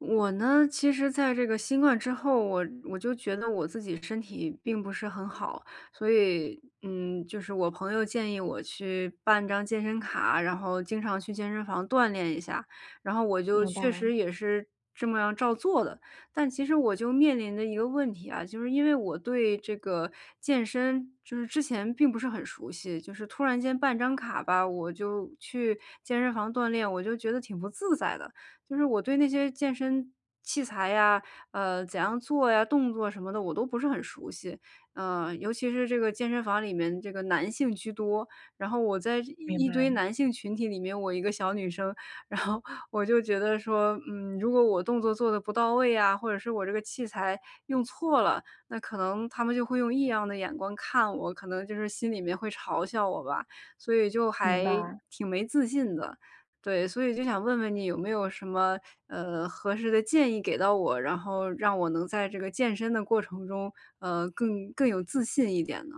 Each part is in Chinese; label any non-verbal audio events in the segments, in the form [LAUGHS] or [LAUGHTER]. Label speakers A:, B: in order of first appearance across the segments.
A: 我呢，其实在这个新冠之后，我我就觉得我自己身体并不是很好，所以，嗯，就是我朋友建议我去办张健身卡，然后经常去健身房锻炼一下，然后我就
B: 明
A: 确
B: 白。
A: 实也是这么样照做的。但其实我就面临着一个问题啊，就是因为我对这个健身，就是之前，并不是很熟悉，就是突然间办张卡吧，我就去健身房锻炼，我就觉得挺不自在的，就是我对那些健身器材呀，呃，怎样做呀，动作什么的我都不是很熟悉，啊，尤其是这个健身房里面这个男性居多。然后我在一
B: 明
A: 一堆
B: 白。
A: 男性群体里面，我一个小女生，然后我就觉得说，嗯，如果我动作做得不到位呀，或者是我这个器材用错了，那可能他们就会用异样的眼光看我，可能就是心里面会嘲笑我吧，所以就
B: 明
A: 还
B: 白。
A: 挺没自信的，对。所以就想问问你有没有什么，呃合适的建议给到我，然后让我能在这个健身的过程中，呃，更更有自信一点呢。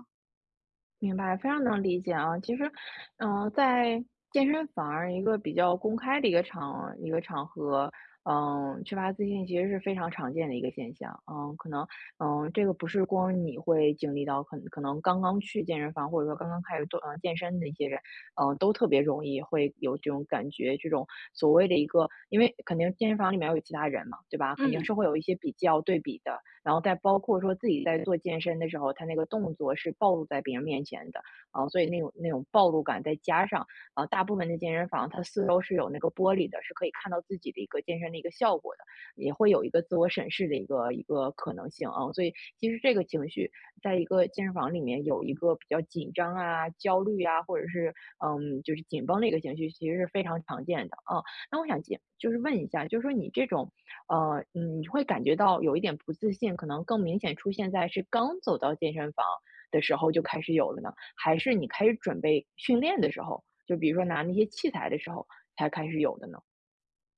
B: 明白，非常能理解啊。其实，呃，在健身房儿一个比较公开的一个场一个场合，嗯，缺乏自信其实是非常常见的一个现象。嗯，可能，嗯，这个不是光你会经历到，可-可能刚刚去健身房，或者说刚刚开始做，呃，健身的一些人，呃，都特别容易会有这种感觉。这种所谓的一个因为肯定健身房里面要有其他人嘛，对吧？肯定
A: 嗯。
B: 是会有一些比较、对比的。然后再包括说自己在做健身的时候，他那个动作是暴露在别人面前的。啊，所以那种那种暴露感再加上啊，大部分的健身房，它四周是有那个玻璃的，是可以看到自己的一个健身的一个效果的，也会有一个自我审视的一个一个可能性啊。所以其实这个情绪在一个健身房里面有一个比较紧张啊、焦虑啊，或者是，嗯，就是紧绷的一个情绪，其实是非常常见的啊。那我想就就是问一下，就说你这种，呃，你会感觉到有一点不自信，可能更明显出现在是刚走到健身房的时候就开始有了呢？还是你开始准备训练的时候，就比如说拿那些器材的时候，才开始有的呢？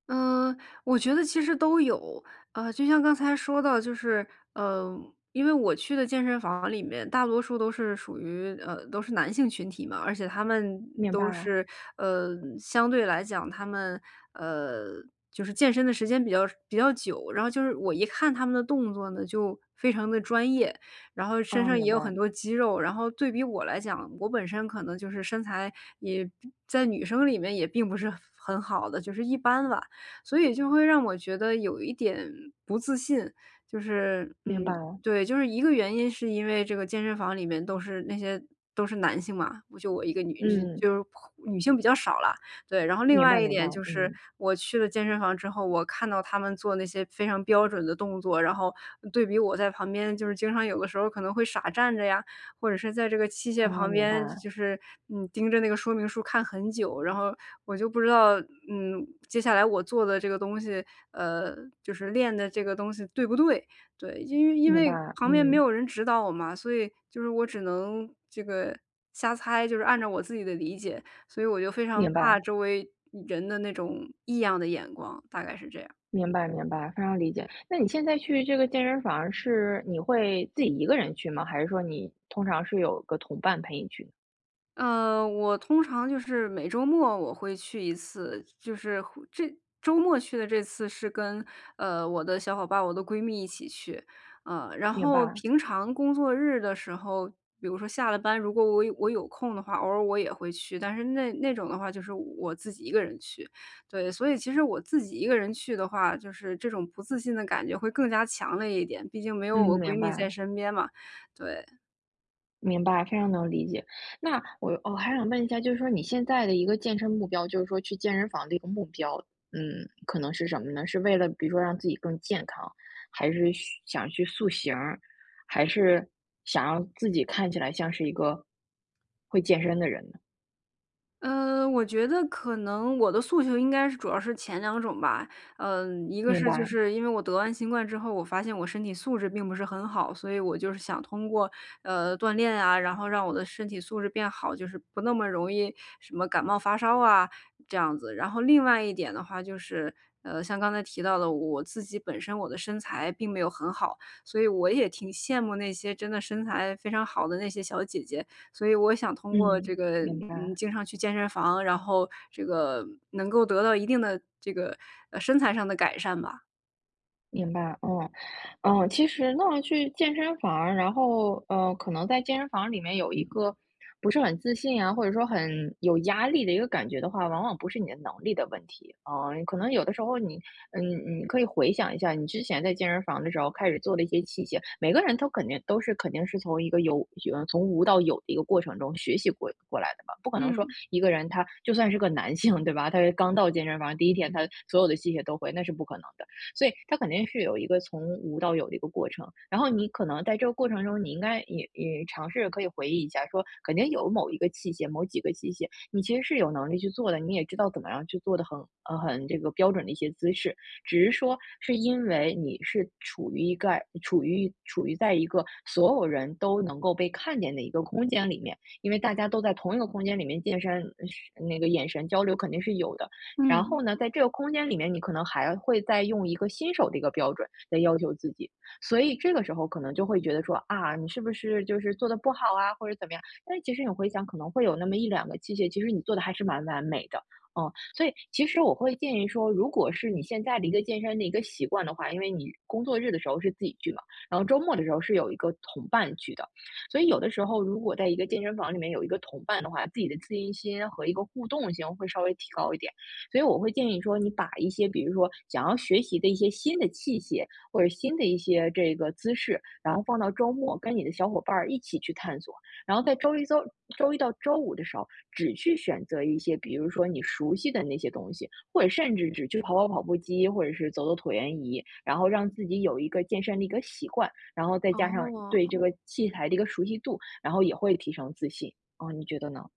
A: 呃，我觉得其实都有。呃，就像刚才说到就是，呃，因为我去的健身房里面大多数都是属于，呃，都是男性群体嘛。而且他们
B: 明白
A: 都
B: 啊。
A: 是，呃相对来讲他们，呃就是健身的时间比较比较久。然后就是我一看他们的动作呢，就非常地专业，然后身
B: 哦，
A: 上也
B: 明
A: 有很
B: 白。
A: 多肌肉，然后对比我来讲，我本身可能就是身材，也并在女生里面也并不是很很好的，就是一般吧。所以就会让我觉得有一点不自信。就是，
B: 明
A: 嗯，
B: 白了。
A: 对，就是一个原因，是因为这个健身房里面都是那些，都是男性嘛，我就我一个女
B: 嗯。
A: 就是女性比较少啦。对，然后另
B: 明
A: 外
B: 白，
A: 一
B: 明白，
A: 点就是
B: 嗯。
A: 我去了健身房之后，我看到他们做那些非常标准的动作，然后对比我在旁边就是经常有的时候可能会傻站着呀，或者是在这个器械
B: 啊，
A: 旁
B: 明
A: 边，
B: 白。
A: 就是，嗯，盯着那个说明书看很久然后，我就不知道，嗯，接下来我做的这个东西，呃，就是练的这个东西对不对，对。因因
B: 明
A: 为
B: 白，
A: 旁边没
B: 嗯。
A: 有人指导我嘛，所以就是我只能这个瞎猜，就是按照我自己的理解，所以我就非常
B: 明
A: 怕
B: 白。
A: 周围人的那种异样的眼光，大概是这样。
B: 明白，明白，非常理解。那你现在去这个健身房儿是你会自己一个人去吗？还是说你通常是有个同伴陪你去。
A: 嗯，我通常就是每周末我会去一次，就是，这周末去的这次是跟，呃，我的小伙伴儿，我的闺蜜一起去，啊。然
B: 明
A: 后
B: 白。
A: 平常工作日的时候，比如说下了班，如果我有我有空的话，偶尔我也会去，但是那-那种的话就是我自己一个人去，对。所以其实我自己一个人去的话，就是这种不自信的感觉会更加强烈一点，毕竟没
B: 嗯，
A: 有我闺
B: 明
A: 蜜
B: 白
A: 在
B: 了。
A: 身边嘛，对。
B: 明白，非常能理解。那我哦，还想问一下，就是说你现在的一个健身目标，就是说去健身房的一个目标，嗯，可能是什么呢？是为了比如说让自己更健康，还是嘘想去塑形儿，还是想要自己看起来像是一个，会健身的人呢？
A: 嗯，我觉得可能我的诉求应该是主要是前2种吧，嗯，1个
B: 明
A: 是就
B: 白。
A: 是因为我得完新冠之后，我发现我身体素质并不是很好，所以我就是想通过，呃，锻炼啊，然后让我的身体素质变好，就是不那么容易什么感冒发烧啊，这样子。然后另外1点的话就是，呃，像刚才提到的我自己本身，我的身材并没有很好。所以我也挺羡慕那些真的身材非常好的那些小姐姐，所以我想通过
B: 嗯，
A: 这个，
B: 明
A: 嗯，
B: 白。
A: 经常去健身房，然后这个能够得到一定的这个，呃，身材上的改善吧。
B: 明白，嗯，嗯。其实那去健身房儿，然后，呃，可能在健身房里面有一个不是很自信啊，或者说很有压力的一个感觉的话，往往不是你的能力的问题。嗯，嗯，可能有的时候你，嗯，你可以回想一下你之前在健身房儿的时候开始做的一些器械，每个人都肯定都是肯定是从一个有嗯，从无到有的一个过程中学习过过来的吧，不可能说
A: 嗯。
B: 一个人他就算是个男性，对吧，他是刚到健身房，第1天他所有的器械都会那是不可能的。所以他肯定是有一个从无到有的一个过程，然后你可能在这个过程中，你应该也也尝试可以回忆一下说，肯定有某一个器械、某几个器械，你其实是有能力去做的，你也知道怎么样去做的很，呃，很这个标准的一些姿势。只是说，是因为你是处于一个处于处于在一个，所有人都能够被看见的一个空间里面，因为大家都在同一个空间里面健身，是那个眼神交流肯定是有的。然
A: 嗯。
B: 后呢，在这个空间里面，你可能还会再用一个新手的一个标准，来要求自己。所以这个时候可能就会觉得说，啊，你是不是就是做得不好啊，或者是怎么样，但其实你回想可能会有那么1-2个器械其实你做得还是蛮完美的，啊。所以其实我会建议说，如果是你现在的一个健身的一个习惯的话，因为你，工作日的时候是自己去嘛，然后周末的时候是有一个同伴去的。所以有的时候如果在一个健身房里面有一个同伴的话，自己的自信心和一个互动性会稍微提高一点。所以我会建议说，你把一些比如说想要学习的一些新的器械，或者新的一些这个姿势，然后放到周末跟你的小伙伴儿一起去探索，然后在周1周周1到周5的时候，只去选择一些，比如说你熟悉的那些东西，或者甚至只去跑跑跑步机，或者是走走椭圆仪，然后让自己有一个健身的一个习惯，然后再加上对这
A: 哦。
B: 个器材的一个熟悉度，然后也会提升自信，啊，你觉得呢？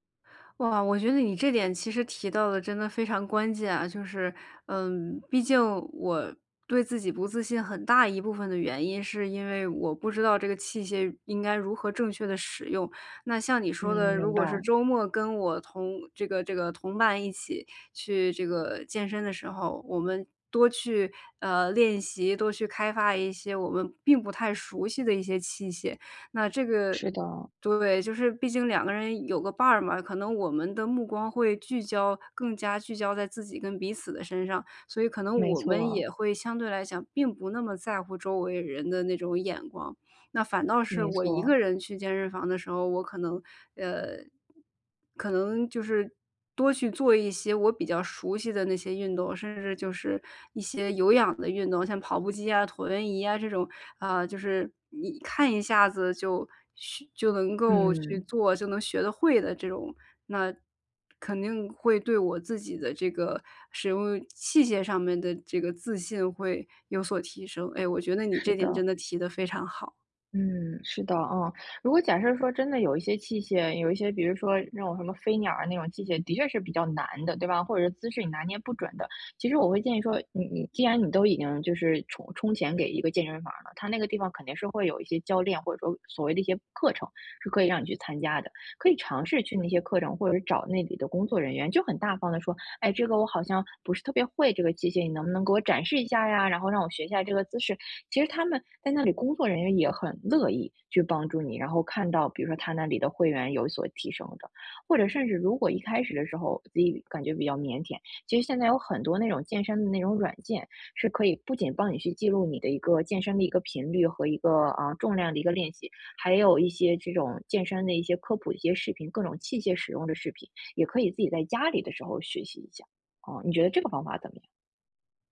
A: 哇，我觉得你这点其实提到得真的非常关键啊。就是，嗯，毕竟我对自己不自信很大一部分的原因是因为我不知道这个器械应该如何正确地使用。那像你
B: 嗯，
A: 说的，如
B: 明
A: 果是
B: 白。
A: 周末跟我同这个这个同伴一起去这个健身的时候，我们多去，呃，练习、多去开发一些我们并不太熟悉的一些器械，那这个，
B: 是的。
A: 对，就是毕竟2个人有个伴儿嘛，可能我们的目光会聚焦更加聚焦在自己跟彼此的身上，所以可能
B: 没
A: 我
B: 错
A: 们
B: 啊。
A: 也会相对来讲并不那么在乎周围人的那种眼光。那反倒是
B: 没
A: 我一个
B: 错。
A: 人去健身房的时候，我可能，呃可能就是多去做一些我比较熟悉的那些运动，甚至就是一些有氧的运动，像跑步机呀、椭圆仪呀这种，啊，就是你看一下子就去就能够去
B: 嗯。
A: 做就能学得会的这种，那肯定会对我自己的这个使用器械上面的这个自信会有所提升。哎，我觉得你
B: 是
A: 这点真
B: 的。
A: 的提得非常好。
B: 嗯，是的啊。如果假设说真的有一些器械，有一些，比如说那种什么飞鸟啊那种器械的确是比较难的，对吧？或者是姿势你拿捏不准的。其实我会建议说，你你既然你都已经就是充充钱给一个健身房儿了，他那个地方肯定是会有一些教练，或者说，所谓的一些，课程，是可以让你去参加的。可以尝试去那些课程，或者是找那里的工作人员就很大方的说：“哎，这个我好像，不是特别会这个机械，你能不能给我展示一下呀，然后让我学一下这个姿势。”其实他们，在那里工作人员也很乐意，去帮助你，然后看到比如说他那里的会员有所提升的。或者甚至如果一开始的时候，自己感觉比较腼腆。其实现在有很多那种健身的那种软件，是可以不仅帮你去记录你的一个健身的一个频率和一个，啊，重量的一个练习，还有一些这种健身的一些科普的一些视频，各种器械使用的视频，也可以自己在家里的时候学习一下，啊，你觉得这个方法怎么样？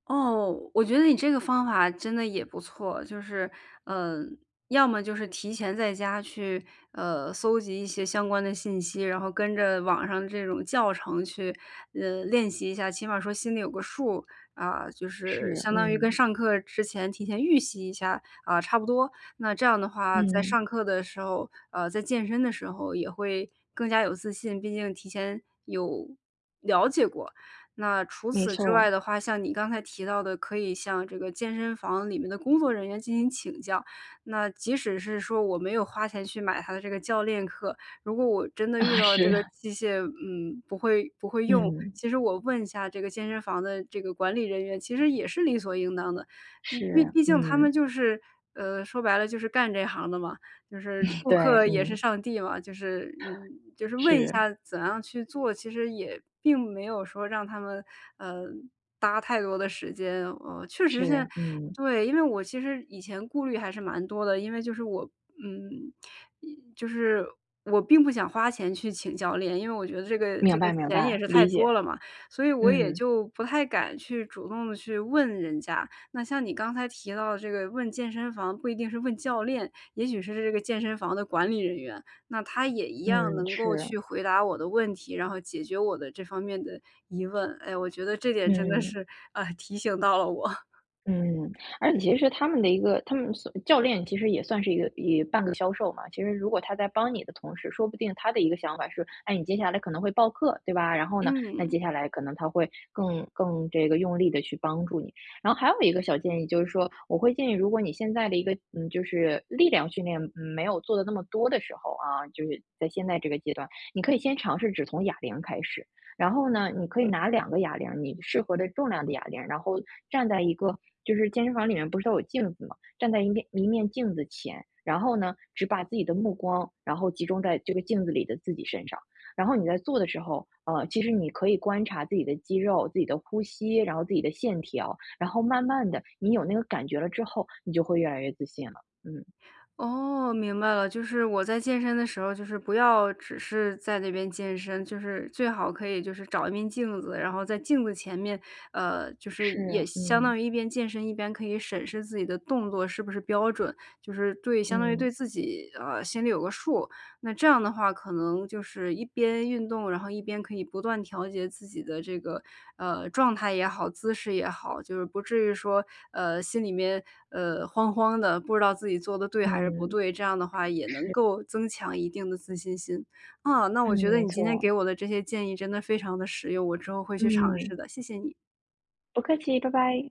A: 哦，我觉得你这个方法真的也不错，就是，呃，要么就是提前在家去，呃，搜集一些相关的信息，然后跟着网上的这种教程去，嗯，练习一下，起码说心里有个数。啊，就是
B: 是，
A: 相当于跟
B: 嗯。
A: 上课之前提前预习一下，啊，差不多。那这样的话，在上
B: 嗯。
A: 课的时候，呃，在健身的时候也会更加有自信，毕竟提前有了解过。那除
B: 没
A: 此之外
B: 错。
A: 的话，像你刚才提到的可以向这个健身房里面的工作人员进行请教，那即使是说我没有花钱去买他的这个教练课，如果我真的遇
B: 啊，
A: 到了
B: 是
A: 这个
B: 啊。
A: 器械，嗯，不会不会用，
B: 嗯。
A: 其实我问一下这个健身房的这个管理人员，其实也是理所应当的。嗯，毕
B: 是，
A: 毕竟他
B: 嗯
A: 们就是，呃，说白了就是干这行的嘛，就是
B: [LAUGHS]
A: 顾
B: 对，
A: 客也是
B: 嗯。
A: 上帝嘛，就是，嗯，
B: [CHUCKLES]
A: 就是问一
B: 是。
A: 下怎样去做，其实也并没有说让他们，呃，搭太多的时间。哦，确实现在
B: 是，嗯。
A: 对，因为我其实以前顾虑还是蛮多的，因为就是我嗯也就是我并不想花钱去请教练，因为我觉得这个这
B: 明
A: 个
B: 白明
A: 钱也
B: 白，
A: 是太
B: 理解。
A: 多了嘛，所以我也
B: 嗯。
A: 就不太敢去主动地去问人家。那像你刚才提到的这个问健身房不一定是问教练，也许是这个健身房的管理人员，那他也一样
B: 嗯，
A: 能够
B: 是。
A: 去回答我的问题，然后解决我的这方面的疑问。哎，我觉得这点真的
B: 嗯。
A: 是，呃，提醒到了我。
B: 嗯，而且其实他们的一个他们私教练其实也算是一个一半个销售嘛。其实如果他在帮你的同时，说不定他的一个想法是，哎，你接下来可能会报课，对吧？然后呢，那
A: 嗯。
B: 接下来可能他会更更这个用力地去帮助你。然后还有一个小建议，就是说我会建议，如果你现在的一个，嗯，就是力量训练，嗯，没有做得那么多的时候啊，就是在现在这个阶段，你可以先尝试只从哑铃开始。然后呢，你可以拿两个哑铃儿，你适合的重量的哑铃，然后站在一个就是健身房里面不是都有镜子吗？站在一面一面镜子前，然后呢，只把自己的目光，然后集中在这个镜子里的自己身上，然后你在做的时候，呃，其实你可以观察自己的肌肉，自己的呼吸，然后自己的线条，然后慢慢的你有那个感觉了之后，你就会越来越自信了，嗯。
A: 哦，明白了，就是我在健身的时候，就是不要只是在那边健身，就是最好可以就是找一面镜子，然后在镜子前面，呃，就是也
B: 是，
A: 相
B: 嗯。
A: 当于一边健身，一边可以审视自己的动作是不是标准，就是对，相当于对
B: 嗯。
A: 自己，呃，心里有个数，那这样的话可能就是，一边运动，然后一边可以不断调节自己的这个，呃，状态也好、姿势也好，就是不至于说，呃，心里面，呃，慌慌的，不知道自己做得对还是不
B: 嗯。
A: 对，这样的话也能
B: 是。
A: 够增强一定的自信心。啊，那
B: 嗯，
A: 我觉得
B: 没
A: 你今天给
B: 错。
A: 我的这些建议真的非常地实用，我之后会去尝
B: 嗯。
A: 试的，谢谢你。
B: 不客气，拜拜！